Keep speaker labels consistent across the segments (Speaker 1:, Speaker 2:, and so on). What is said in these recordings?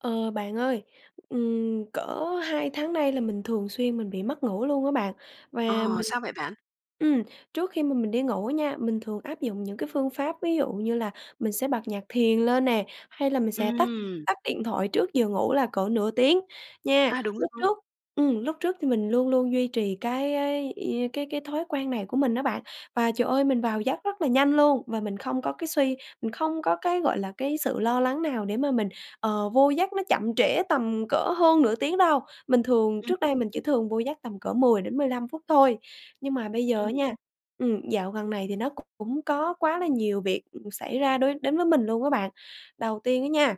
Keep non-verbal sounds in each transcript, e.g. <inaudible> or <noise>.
Speaker 1: Ờ, bạn ơi, ừm, cỡ 2 tháng nay là mình thường xuyên mình bị mất ngủ luôn á bạn. Và
Speaker 2: Ờ,
Speaker 1: mình
Speaker 2: sao vậy bạn?
Speaker 1: ừm, trước khi mà mình đi ngủ nha, mình thường áp dụng những cái phương pháp ví dụ như là mình sẽ bật nhạc thiền lên nè, hay là mình sẽ tắt
Speaker 2: Ừm.
Speaker 1: tắt điện thoại trước giờ ngủ là cỡ nửa tiếng nha.
Speaker 2: À, đúng
Speaker 1: Lúc
Speaker 2: rồi.
Speaker 1: trước ừm, lúc trước thì mình luôn luôn duy trì cái cái ia cái cái thói quen này của mình á bạn, và, trời ơi, mình vào giấc rất là nhanh luôn. Và mình không có cái suy mình không có cái, gọi là, cái sự lo lắng nào để mà mình, ờ, vô giấc nó chậm trễ tầm cỡ hơn nửa tiếng đâu. Mình thường
Speaker 2: Ừm.
Speaker 1: trước đây mình chỉ thường vô giấc tầm cỡ 10-15 phút thôi. Nhưng mà bây giờ á
Speaker 2: Ừm.
Speaker 1: nha, ừm, dạo gần này thì nó cũng có quá là nhiều việc, ừ, xảy ra đối đến với mình luôn á bạn. Đầu tiên á nha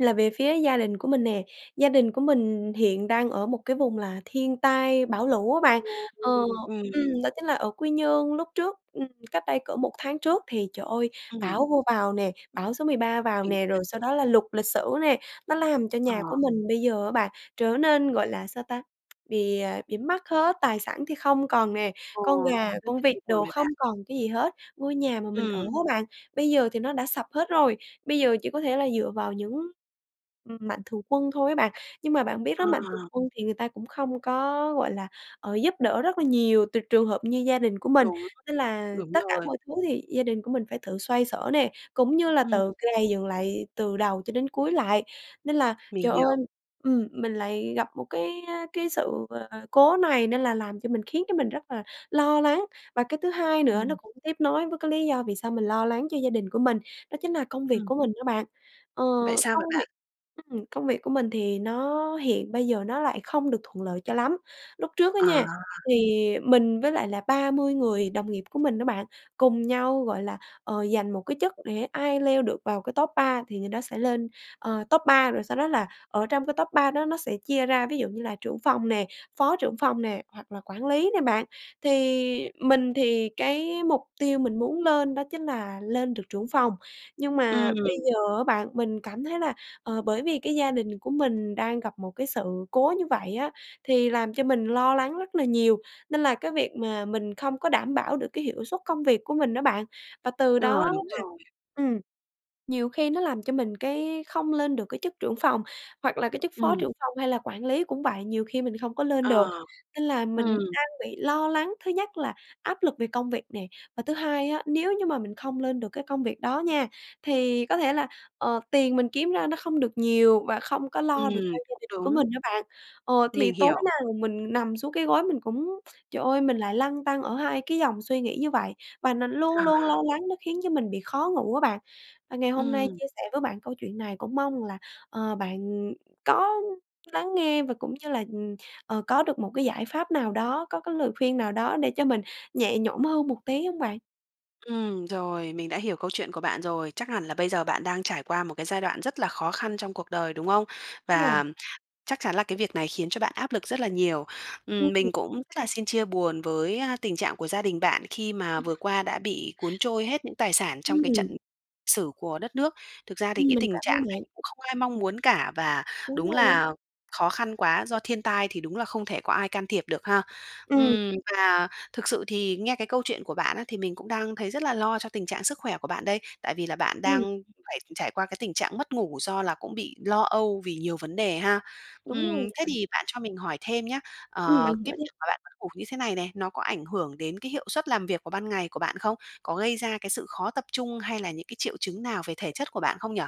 Speaker 1: là về phía gia đình của mình nè, gia đình của mình, ừ, hiện đang ở một cái vùng là thiên tai bão lũ á bạn, ờ,
Speaker 2: Ừm.
Speaker 1: ừm, đó chính là ở Quy Nhơn. Lúc trước, ừm, cách đây cỡ 1 tháng trước thì, trời ơi,
Speaker 2: Ừm.
Speaker 1: bão vô vào nè, bão số 13 vào
Speaker 2: Mình
Speaker 1: nè,
Speaker 2: biết.
Speaker 1: rồi sau đó là lụt lịch sử nè, nó làm cho
Speaker 2: Ờ.
Speaker 1: nhà của mình bây giờ á bạn trở nên, gọi là sao ta, <tsk> bị à, bị mất hết, tài sản thì không còn nè,
Speaker 2: Ồ,
Speaker 1: con gà,
Speaker 2: rất
Speaker 1: con
Speaker 2: là
Speaker 1: vịt
Speaker 2: chia buồn
Speaker 1: đồ
Speaker 2: với bạn!
Speaker 1: không còn cái gì hết. Ngôi nhà mà mình ở
Speaker 2: Ừm.
Speaker 1: á bạn, bây giờ thì nó đã sập hết rồi. Bây giờ chỉ có thể là dựa vào những, ừm, mạnh thường quân thôi á bạn, nhưng mà bạn biết
Speaker 2: Ờ.
Speaker 1: đó mạnh thường quân thì người ta cũng không có, gọi là, ờ, giúp đỡ rất là nhiều trừ trường hợp như gia đình của mình.
Speaker 2: Đúng.
Speaker 1: Nên là
Speaker 2: Đúng
Speaker 1: tất cả
Speaker 2: rồi.
Speaker 1: mọi thứ thì gia đình của mình phải tự xoay xở nè, cũng như là
Speaker 2: Ừm.
Speaker 1: tự gầy dựng lại từ đầu cho đến cuối lại. Nên là
Speaker 2: Mình
Speaker 1: trời ơi
Speaker 2: hiểu.
Speaker 1: ừm, mình lại gặp một cái, a, cái sự, à, cố này nên là làm cho mình khiến cho mình rất là lo lắng. Và cái thứ hai nữa nó
Speaker 2: Ừm.
Speaker 1: cũng tiếp nối với cái lý do vì sao mình lo lắng cho gia đình của mình, đó chính là công việc
Speaker 2: Ừm.
Speaker 1: của mình đó bạn, ờ,
Speaker 2: Vậy sao
Speaker 1: công
Speaker 2: vậy
Speaker 1: việc
Speaker 2: bạn?
Speaker 1: ừm, công việc của mình thì nó hiện bây giờ nó lại không được thuận lợi cho lắm. Lúc trước á
Speaker 2: À.
Speaker 1: nha, thì mình với lại là 30 người đồng nghiệp của mình đó bạn, cùng nhau, gọi là, ờ, giành một cái chức để ai leo được vào cái top 3 thì người đó sẽ lên, ờ, top 3, rồi sau đó là ở trong cái top 3 đó nó sẽ chia ra ví dụ như là trưởng phòng nè, phó trưởng phòng nè hoặc là quản lý nè bạn. Thì mình thì cái mục tiêu mình muốn lên đó chính là lên được trưởng phòng, nhưng mà bây
Speaker 2: Ừm.
Speaker 1: giờ á bạn mình cảm thấy là, ờ, bởi vì cái gia đình của mình đang gặp một cái sự cố như vậy á thì làm cho mình lo lắng rất là nhiều, nên là cái việc mà mình không có đảm bảo được cái hiệu suất công việc của mình á bạn. Và từ
Speaker 2: Ờ,
Speaker 1: đó
Speaker 2: đúng
Speaker 1: là
Speaker 2: rồi.
Speaker 1: ừm, nhiều khi nó làm cho mình cái không lên được cái chức trưởng phòng, hoặc là cái chức phó
Speaker 2: Ừm.
Speaker 1: trưởng phòng hay là quản lý cũng vậy, nhiều khi mình không có lên được.
Speaker 2: Ờ.
Speaker 1: Nên là mình
Speaker 2: Ừm.
Speaker 1: đang bị lo lắng, thứ nhất là áp lực về công việc nè và thứ hai á nếu như mà mình không lên được cái công việc đó nha, thì có thể là, ờ, tiền mình kiếm ra nó không được nhiều và không có lo được
Speaker 2: Ừm,
Speaker 1: cho gia
Speaker 2: cũng
Speaker 1: đình của mình
Speaker 2: đúng.
Speaker 1: á bạn. Ờ, thì
Speaker 2: Mình
Speaker 1: tối
Speaker 2: hiểu.
Speaker 1: nào mình nằm xuống cái gối mình cũng, trời ơi, mình lại lăn tăn ở hai cái dòng suy nghĩ như vậy. Và nó luôn
Speaker 2: Ờ.
Speaker 1: luôn lo lắng nó khiến cho mình bị khó ngủ á bạn. Và ngày hôm nay
Speaker 2: Ừm.
Speaker 1: chia sẻ với bạn câu chuyện này cũng mong rằng là, ờ, bạn, ừm, có lắng nghe và cũng như là, ừm, ờ, có được một cái giải pháp nào đó, có cái lời khuyên nào đó để cho mình nhẹ nhõm hơn một tí hông bạn?
Speaker 2: Ừm, rồi, mình đã hiểu câu chuyện của bạn rồi. Chắc hẳn là bây giờ bạn đang trải qua một cái giai đoạn rất là khó khăn trong cuộc đời, đúng không?
Speaker 1: Đúng
Speaker 2: Và
Speaker 1: rồi.
Speaker 2: chắc chắn là cái việc này khiến cho bạn áp lực rất là nhiều.
Speaker 1: Ừm.
Speaker 2: Ừm, mình cũng rất là xin chia buồn với, á, tình trạng của gia đình bạn khi mà vừa qua đã bị cuốn trôi hết những tài sản trong cái trận
Speaker 1: Ừm.
Speaker 2: sử của đất nước. Thực ra thì
Speaker 1: Ừm,
Speaker 2: cái
Speaker 1: mình
Speaker 2: tình
Speaker 1: cảm ơn
Speaker 2: trạng này
Speaker 1: bạn.
Speaker 2: cũng không ai mong muốn cả, và
Speaker 1: Đúng
Speaker 2: đúng
Speaker 1: rồi.
Speaker 2: là khó khăn quá. Do thiên tai thì đúng là không thể có ai can thiệp được ha.
Speaker 1: Ừm.
Speaker 2: Ừm và thực sự thì nghe cái câu chuyện của bạn á, thì mình cũng đang thấy rất là lo cho tình trạng sức khỏe của bạn đây. Tại vì là bạn đang
Speaker 1: Ừm.
Speaker 2: phải trải qua cái tình trạng mất ngủ do là cũng bị lo âu vì nhiều vấn đề ha.
Speaker 1: Đúng rồi.
Speaker 2: Ừm, thế thì bạn cho mình hỏi thêm nhá.
Speaker 1: Ừm,
Speaker 2: Ờ,
Speaker 1: mình có
Speaker 2: cái
Speaker 1: chứ.
Speaker 2: việc mà bạn mất ngủ như thế này này, nó có ảnh hưởng đến cái hiệu suất làm việc vào ban ngày của bạn không? Có gây ra cái sự khó tập trung hay là những cái triệu chứng nào về thể chất của bạn không nhỉ?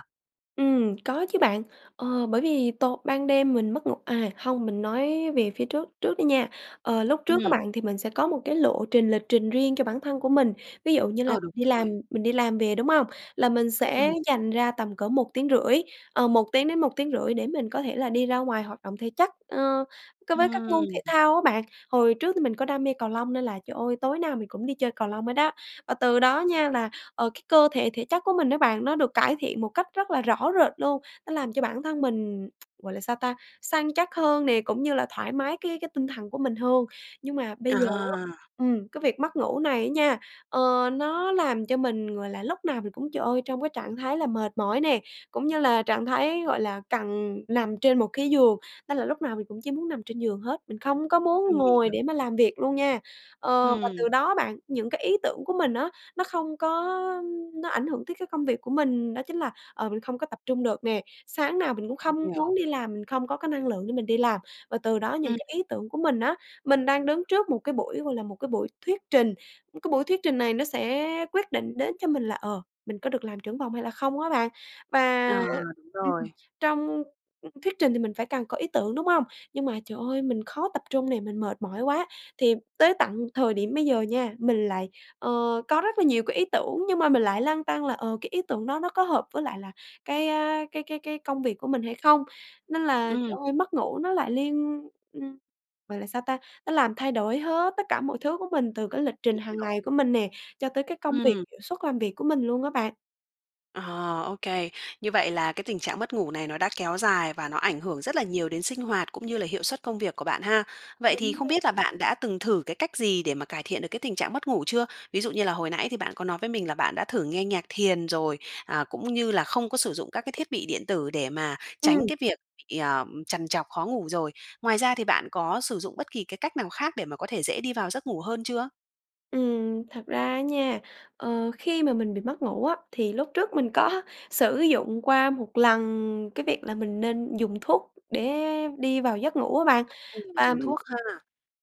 Speaker 1: Ừm, có chứ, bạn. Ờ, bởi vì tối ban đêm mình mất ngủ à, hông, mình nói về phía trước trước đi nha. Ờ, lúc trước á,
Speaker 2: Ừm.
Speaker 1: bạn, thì mình sẽ có một cái lộ trình, lịch trình riêng cho bản thân của mình. Ví dụ như là
Speaker 2: Ờ, đúng
Speaker 1: mình đi
Speaker 2: rồi.
Speaker 1: làm mình đi làm về, đúng hông? Là mình sẽ
Speaker 2: Ừm.
Speaker 1: dành ra tầm cỡ một tiếng rưỡi ờ, 1 tiếng đến 1,5 tiếng để mình có thể là đi ra ngoài hoạt động thể chất, ờ, cái với các môn thể
Speaker 2: Ừm.
Speaker 1: thao á, bạn. Hồi trước thì mình có đam mê cầu lông nên là, trời ơi, tối nào mình cũng đi chơi cầu lông hết á. Và từ đó nha, là, ờ, cái cơ thể, thể chất của mình đó, bạn, nó được cải thiện một cách rất là rõ rệt luôn. Nó làm cho bản thân mình <tsk> gọi là sao ta? Săn chắc hơn nè, cũng như là thoải mái cái cái tinh thần của mình hơn. Nhưng mà bây giờ á
Speaker 2: À.
Speaker 1: ừm, cái việc mất ngủ này á nha, ờ, nó làm cho mình, gọi là, lúc nào mình cũng, trời ơi, trong cái trạng thái là mệt mỏi nè, cũng như là trạng thái, gọi là, cần nằm trên một cái giường, nên là lúc nào mình cũng chỉ muốn nằm trên giường hết. Mình không có
Speaker 2: Ừm,
Speaker 1: muốn
Speaker 2: mình
Speaker 1: ngồi
Speaker 2: hiểu.
Speaker 1: để mà làm việc luôn nha. Ờ, và từ
Speaker 2: Ừm.
Speaker 1: đó á, bạn, những cái ý tưởng của mình á, nó không có nó ảnh hưởng tới cái công việc của mình. Đó chính là, ờ, mình không có tập trung được nè, sáng nào mình cũng
Speaker 2: Mình
Speaker 1: không
Speaker 2: hiểu.
Speaker 1: muốn đi làm. Mình không có cái năng lượng để mình đi làm và từ đó những
Speaker 2: Ừm.
Speaker 1: cái ý tưởng của mình á mình đang đứng trước một cái buổi, gọi là, một cái buổi thuyết trình. Cái buổi thuyết trình này nó sẽ quyết định đến cho mình là, ờ, mình có được làm trưởng phòng hay là không á, bạn.
Speaker 2: Ờ,
Speaker 1: Và
Speaker 2: đúng
Speaker 1: ừm,
Speaker 2: rồi.
Speaker 1: trong thuyết trình thì mình phải càng có ý tưởng, đúng hông? Nhưng mà, trời ơi, mình khó tập trung nè, mình mệt mỏi quá. Thì tới tận thời điểm bây giờ nha, mình lại, ờ, có rất là nhiều cái ý tưởng nhưng mà mình lại lăn tăn là, ờ, cái ý tưởng đó nó có hợp với lại là cái, à, cái cái cái công việc của mình hay không. Nên là,
Speaker 2: Ừm.
Speaker 1: trời ơi, mất ngủ nó lại liên ừm, gọi là sao ta? Nó làm thay đổi hết tất cả mọi thứ của mình từ cái lịch trình
Speaker 2: Mình
Speaker 1: hàng
Speaker 2: hiểu.
Speaker 1: ngày của mình nè, cho tới cái công việc
Speaker 2: Ừm.
Speaker 1: hiệu suất làm việc của mình luôn á, bạn.
Speaker 2: Ờ, OK. Như vậy là cái tình trạng mất ngủ này nó đã kéo dài và nó ảnh hưởng rất là nhiều đến sinh hoạt cũng như là hiệu suất công việc của bạn ha. Vậy thì
Speaker 1: Đúng
Speaker 2: không
Speaker 1: rồi.
Speaker 2: biết là bạn đã từng thử cái cách gì để mà cải thiện được cái tình trạng mất ngủ chưa? Ví dụ như là hồi nãy thì bạn có nói với mình là bạn đã thử nghe nhạc thiền rồi, à, cũng như là không có sử dụng các cái thiết bị điện tử để mà tránh
Speaker 1: Ừm.
Speaker 2: cái việc bị, ờ, trằn trọc, khó ngủ rồi. Ngoài ra thì bạn có sử dụng bất kỳ cái cách nào khác để mà có thể dễ đi vào giấc ngủ hơn chưa?
Speaker 1: Ừm, thật ra á nha, ờ, khi mà mình bị mất ngủ á thì lúc trước mình có sử dụng qua một lần cái việc là mình nên dùng thuốc để đi vào giấc ngủ á bạn.
Speaker 2: Ừm,
Speaker 1: Và,
Speaker 2: dùng
Speaker 1: ừm,
Speaker 2: thuốc ha.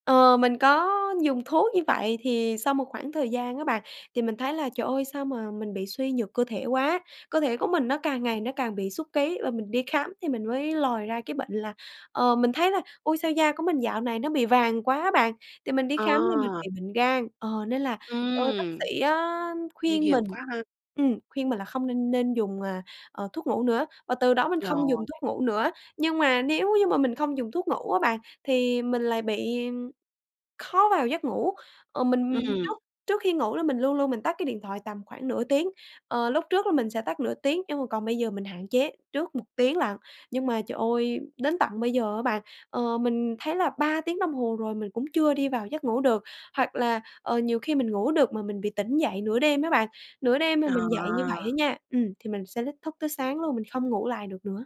Speaker 1: ờ, mình có dùng thuốc như vậy thì sau một khoảng thời gian á bạn, thì mình thấy là "Trời ơi! Sao mà mình bị suy nhược cơ thể quá?", cơ thể của mình nó càng ngày nó càng bị sút ký. Và mình đi khám thì mình mới lòi ra cái bệnh là ờ, mình thấy là ôi, sao da của mình dạo này nó bị vàng quá bạn, thì mình đi khám ra mình
Speaker 2: À.
Speaker 1: bị bệnh gan. Ờ, nên là, trời ơi, bác
Speaker 2: Ừm.
Speaker 1: sĩ á
Speaker 2: Nguy
Speaker 1: khuyên
Speaker 2: hiểm
Speaker 1: mình
Speaker 2: quá ha.
Speaker 1: ừm, khuyên mình là không n nên dùng, à, ờ, thuốc ngủ nữa, và từ đó mình không dùng
Speaker 2: Rồi.
Speaker 1: thuốc ngủ nữa. Nhưng mà nếu như mà mình không dùng thuốc ngủ á bạn, thì mình lại bị khó vào giấc ngủ. Ừ, mình
Speaker 2: Ừm.
Speaker 1: trước trước khi ngủ là mình luôn luôn mình tắt cái điện thoại tầm khoảng nửa tiếng, ờ, lúc trước là mình sẽ tắt nửa tiếng, nhưng mà còn bây giờ mình hạn chế trước 1 tiếng lận. Nhưng mà trời ơi, đến tận bây giờ á bạn, ờ, mình thấy là 3 tiếng đồng hồ rồi mình cũng chưa đi vào giấc ngủ được hoặc là, ờ, nhiều khi mình ngủ được mà mình bị tỉnh dậy nửa đêm á bạn. Nửa đêm mà mình dậy như vậy
Speaker 2: À.
Speaker 1: á nha ừm, thì mình sẽ lít thức tới sáng luôn, mình không ngủ lại được nữa.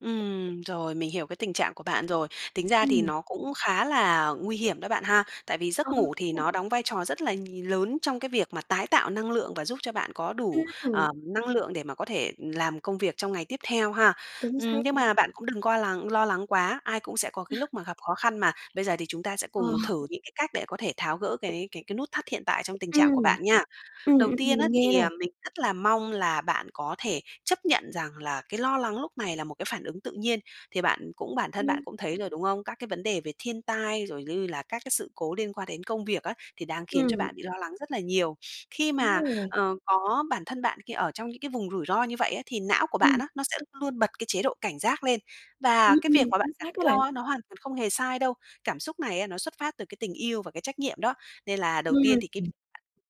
Speaker 2: Ừm, rồi, mình hiểu cái tình trạng của bạn rồi. Tính ra thì
Speaker 1: Ừm.
Speaker 2: nó cũng khá là nguy hiểm đó bạn ha. Tại vì
Speaker 1: Ờ,
Speaker 2: giấc ngủ
Speaker 1: đúng
Speaker 2: thì
Speaker 1: rồi.
Speaker 2: nó đóng vai trò rất là nhì lớn trong cái việc mà tái tạo năng lượng và giúp cho bạn có đủ,
Speaker 1: Ừm.
Speaker 2: ờm, năng lượng để mà có thể làm công việc trong ngày tiếp theo ha.
Speaker 1: Chính xác
Speaker 2: Ừm, nhưng
Speaker 1: nha.
Speaker 2: mà bạn cũng đừng qua lắng lo lắng quá, ai cũng sẽ có cái
Speaker 1: <laughs>
Speaker 2: lúc mà gặp khó khăn mà. Bây giờ thì chúng ta sẽ
Speaker 1: Ờ.
Speaker 2: cùng thử những cái cách để có thể tháo gỡ cái cái nút thắt hiện tại trong tình trạng của
Speaker 1: Ừm.
Speaker 2: bạn nha.
Speaker 1: Ừm,
Speaker 2: Đầu
Speaker 1: ừm,
Speaker 2: tiên
Speaker 1: mình
Speaker 2: á,
Speaker 1: nghe
Speaker 2: thì,
Speaker 1: này.
Speaker 2: à, mình rất là mong là bạn có thể chấp nhận rằng là cái lo lắng lúc này là một cái phản ứng tự nhiên. Thì bạn cũng bản thân bạn
Speaker 1: Ừm.
Speaker 2: cũng thấy rồi, đúng không? Các cái vấn đề về thiên tai, rồi như là các cái sự cố liên quan đến công việc á, thì đang khiến cho
Speaker 1: Ừm.
Speaker 2: bạn bị lo lắng rất là nhiều. <sniffs> Khi
Speaker 1: Đúng
Speaker 2: mà,
Speaker 1: rồi.
Speaker 2: ờ, có bản thân bạn khi ở trong những cái vùng rủi ro như vậy á thì não của bạn
Speaker 1: Ừm.
Speaker 2: á, nó sẽ luôn bật cái chế độ cảnh giác lên. Và
Speaker 1: Ừm,
Speaker 2: cái việc
Speaker 1: ừm,
Speaker 2: mà bạn
Speaker 1: chính
Speaker 2: cảm
Speaker 1: xác đó
Speaker 2: thấy
Speaker 1: bạn.
Speaker 2: lo á, nó hoàn toàn không hề sai đâu. Cảm xúc này á, nó xuất phát từ cái tình yêu và cái trách nhiệm đó. Nên là đầu tiên thì cái v
Speaker 1: Ừm.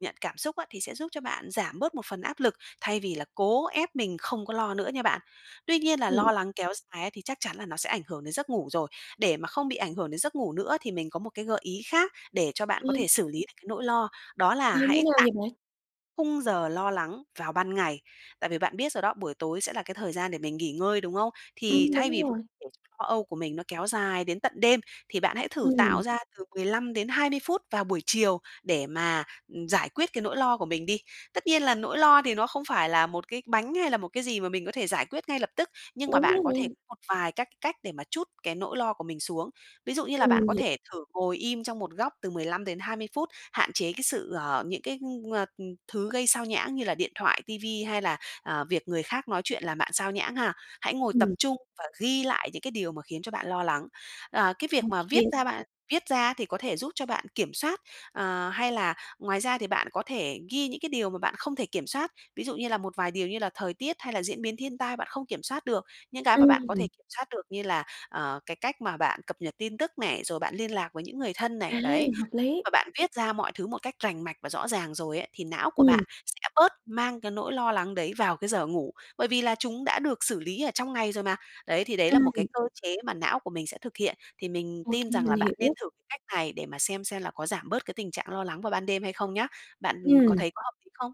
Speaker 2: nhận cảm xúc á, thì sẽ giúp cho bạn giảm bớt một phần áp lực, thay vì là cố ép mình không có lo nữa nha bạn. Tuy nhiên là
Speaker 1: Ừm.
Speaker 2: lo lắng kéo dài á thì chắc chắn là nó sẽ ảnh hưởng đến giấc ngủ rồi. Để mà không bị ảnh hưởng đến giấc ngủ nữa thì mình có một cái gợi ý khác để cho bạn
Speaker 1: Ờ.
Speaker 2: có thể xử lý được cái nỗi lo, đó là
Speaker 1: Ờ, như
Speaker 2: hãy
Speaker 1: nào
Speaker 2: tạm
Speaker 1: vậy bạn?
Speaker 2: khung giờ lo lắng vào ban ngày. Tại vì bạn biết rồi đó, buổi tối sẽ là cái thời gian để mình nghỉ ngơi, đúng không? Thì
Speaker 1: Ừm,
Speaker 2: thay
Speaker 1: đúng
Speaker 2: vì
Speaker 1: rồi.
Speaker 2: để lo âu của mình nó kéo dài đến tận đêm, thì bạn hãy thử
Speaker 1: Ừm.
Speaker 2: tạo ra từ 15-20 phút vào buổi chiều để mà, ừm, giải quyết cái nỗi lo của mình đi. Tất nhiên là nỗi lo thì nó không phải là một cái bánh hay là một cái gì mà mình có thể giải quyết ngay lập tức. Nhưng mà
Speaker 1: Đúng
Speaker 2: bạn có thể
Speaker 1: rồi.
Speaker 2: một vài các cách để mà trút cái nỗi lo của mình xuống. Ví dụ như là
Speaker 1: Ừm,
Speaker 2: bạn
Speaker 1: mình
Speaker 2: có
Speaker 1: h
Speaker 2: thể thử ngồi im trong một góc từ 15-20 phút, hạn chế cái sự ờ, những cái, ờ, thứ gây xao nhãng như là điện thoại, ti vi hay là, ờ, việc người khác nói chuyện làm bạn sao nhãng ha. Hãy ngồi tập
Speaker 1: Ừm.
Speaker 2: trung và ghi lại những cái điều mà khiến cho bạn lo lắng. Ờ, cái
Speaker 1: Ô
Speaker 2: việc mà viết
Speaker 1: kê.
Speaker 2: ra bạn viết ra thì có thể giúp cho bạn kiểm soát. Ờ, hay là ngoài ra thì bạn có thể ghi những cái điều mà bạn không thể kiểm soát. Ví dụ như là một vài điều như là thời tiết hay là diễn biến thiên tai bạn không kiểm soát được. Những cái mà bạn có thể
Speaker 1: Ừm.
Speaker 2: kiểm soát được như là, ờ, cái cách mà bạn cập nhật tin tức này, rồi bạn liên lạc với những người thân này,
Speaker 1: À,
Speaker 2: đấy.
Speaker 1: hợp lý.
Speaker 2: Mà bạn viết ra mọi thứ một cách rành mạch và rõ ràng rồi ấy, thì não của
Speaker 1: Ừm.
Speaker 2: bạn sẽ bớt mang cái nỗi lo lắng đấy vào cái giờ ngủ. Bởi vì là chúng đã được xử lý ở trong ngày rồi mà. Đấy, thì đấy là một cái
Speaker 1: Ừm.
Speaker 2: cơ chế mà não của mình sẽ thực hiện. Thì mình
Speaker 1: Ô
Speaker 2: tin
Speaker 1: kê,
Speaker 2: rằng
Speaker 1: mình
Speaker 2: là bạn nên
Speaker 1: hiểu.
Speaker 2: thử cái cách này để mà xem xem là có giảm bớt cái tình trạng lo lắng vào ban đêm hay không nhá. Bạn có
Speaker 1: Ừm.
Speaker 2: thấy có hợp lý không?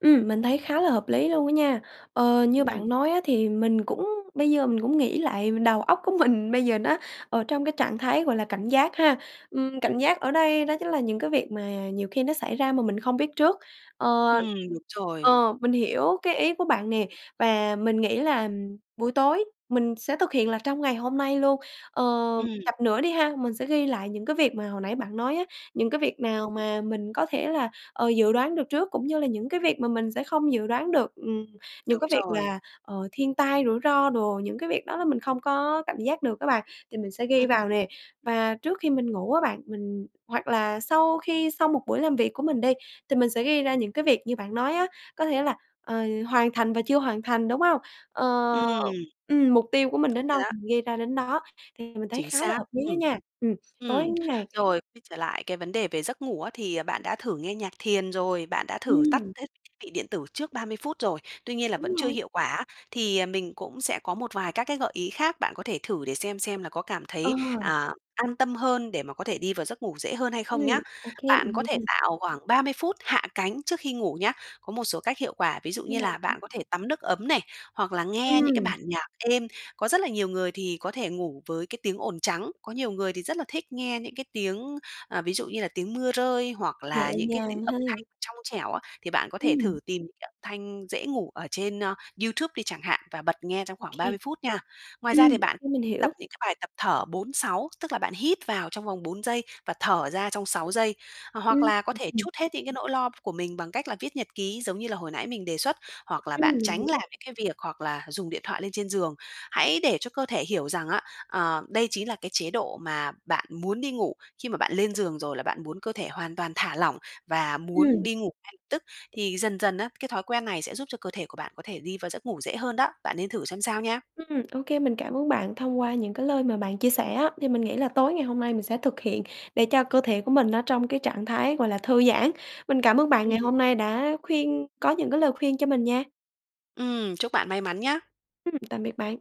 Speaker 1: Ừm. Mình thấy khá là hợp lý luôn á nha. Ờ, như
Speaker 2: Ừm.
Speaker 1: bạn nói á thì mình cũng bây giờ mình cũng nghĩ lại đầu óc của mình bây giờ nó ở trong cái trạng thái gọi là cảnh giác ha. Ừm, cảnh giác ở đây đó chính là những cái việc mà nhiều khi nó xảy ra mà mình không biết trước. Ờ
Speaker 2: Ừm, đúng rồi.
Speaker 1: Ờ, mình hiểu cái ý của bạn nè, và mình nghĩ là buổi tối mình sẽ thực hiện là trong ngày hôm nay luôn. Ờ,
Speaker 2: Ừm.
Speaker 1: chặp nữa đi ha, mình sẽ ghi lại những cái việc mà hồi nãy bạn nói á, những cái việc nào mà mình có thể là, ờ, dự đoán được trước cũng như là những cái việc mà mình sẽ không dự đoán được. Ừm, những
Speaker 2: Đúng
Speaker 1: cái việc
Speaker 2: rồi.
Speaker 1: là, ờ, thiên tai, rủi ro đồ, những cái việc đó là mình không có cảm giác được á bạn thì mình sẽ ghi
Speaker 2: Ừm,
Speaker 1: vào
Speaker 2: ừm.
Speaker 1: nè. Và trước khi mình ngủ á bạn mình hoặc là sau khi xong một buổi làm việc của mình đi thì mình sẽ ghi ra những cái việc như bạn nói á, có thể là, ờ, hoàn thành và chưa hoàn thành, đúng hông? Ờ
Speaker 2: Ừm.
Speaker 1: ừm, mục tiêu của mình
Speaker 2: Đúng
Speaker 1: đến
Speaker 2: rồi
Speaker 1: đâu
Speaker 2: đó.
Speaker 1: thì mình ghi ra đến đó. Thì mình thấy
Speaker 2: Chính
Speaker 1: khá là
Speaker 2: xác,
Speaker 1: hợp lý á
Speaker 2: ừm.
Speaker 1: nha. Ừm, tối
Speaker 2: Ừm,
Speaker 1: ngày
Speaker 2: rồi, quay trở lại cái vấn đề về giấc ngủ á, thì bạn đã thử nghe nhạc thiền rồi, bạn đã thử tắt
Speaker 1: Ừm.
Speaker 2: hết thiết bị điện tử trước 30 phút rồi, tuy nhiên là
Speaker 1: Đúng
Speaker 2: vẫn chưa
Speaker 1: rồi.
Speaker 2: hiệu quả á, thì mình cũng sẽ có một vài các cái gợi ý khác, bạn có thể thử để xem xem là có cảm
Speaker 1: Ờ.
Speaker 2: thấy, à, an tâm hơn để mà có thể đi vào giấc ngủ dễ hơn hay
Speaker 1: Ừm,
Speaker 2: không nhá.
Speaker 1: ô kê,
Speaker 2: Bạn
Speaker 1: mình
Speaker 2: có
Speaker 1: nghe
Speaker 2: thể
Speaker 1: nè.
Speaker 2: tạo khoảng 30 phút hạ cánh trước khi ngủ nhá. Có một số cách hiệu quả, ví dụ
Speaker 1: Như
Speaker 2: như
Speaker 1: nào
Speaker 2: là
Speaker 1: hả?
Speaker 2: bạn có thể tắm nước ấm này, hoặc là nghe những cái
Speaker 1: Ừm.
Speaker 2: bản nhạc êm. Có rất là nhiều người thì có thể ngủ với cái tiếng ồn trắng. Có nhiều người thì rất là thích nghe những cái tiếng à, ví dụ như là tiếng mưa rơi hoặc
Speaker 1: Nhẹ
Speaker 2: là những cái tiếng
Speaker 1: nhàng
Speaker 2: âm
Speaker 1: ha.
Speaker 2: thanh trong trẻo á, thì bạn có thể
Speaker 1: Ừm.
Speaker 2: thử tìm cái âm thanh dễ ngủ ở trên YouTube đi chẳng hạn, và bật nghe trong khoảng ba
Speaker 1: OK.
Speaker 2: mươi phút nha. Ngoài ra thì
Speaker 1: Ừm,
Speaker 2: bạn
Speaker 1: OK,
Speaker 2: cũng
Speaker 1: mình
Speaker 2: tập
Speaker 1: hiểu.
Speaker 2: những cái bài tập thở 4-6 tức là bạn hít vào trong vòng 4 giây và thở ra trong 6 giây.
Speaker 1: Ừm,
Speaker 2: Hoặc là có
Speaker 1: ừm,
Speaker 2: thể
Speaker 1: hừm.
Speaker 2: trút hết những cái nỗi lo của mình bằng cách là viết nhật ký giống như là hồi nãy mình đề xuất, hoặc là bạn
Speaker 1: Ừm, mình
Speaker 2: tránh
Speaker 1: hiểu.
Speaker 2: làm những cái việc hoặc là dùng điện thoại lên trên giường. Hãy để cho cơ thể hiểu rằng á, ờ, đây chí là cái chế độ mà bạn muốn đi ngủ. Khi mà bạn lên giường rồi là bạn muốn cơ thể hoàn toàn thả lỏng và muốn
Speaker 1: Ừm.
Speaker 2: đi ngủ ngay lập tức. Thì dần dần á, cái thói quen này sẽ giúp cho cơ thể của bạn có thể đi vào giấc ngủ dễ hơn đó. Bạn nên thử xem sao nha!
Speaker 1: Ừm, ô kê, mình cảm ơn bạn. Thông qua những cái lời mà bạn chia sẻ á, thì mình nghĩ là tối ngày hôm nay mình sẽ thực hiện để cho cơ thể của mình nó trong cái trạng thái, gọi là, thư giãn. Mình cảm ơn bạn
Speaker 2: Ừm.
Speaker 1: ngày hôm nay đã khuyên có những cái lời khuyên cho mình nha.
Speaker 2: Ừm. Chúc bạn may mắn nhá.
Speaker 1: Ừm, tạm biệt bạn.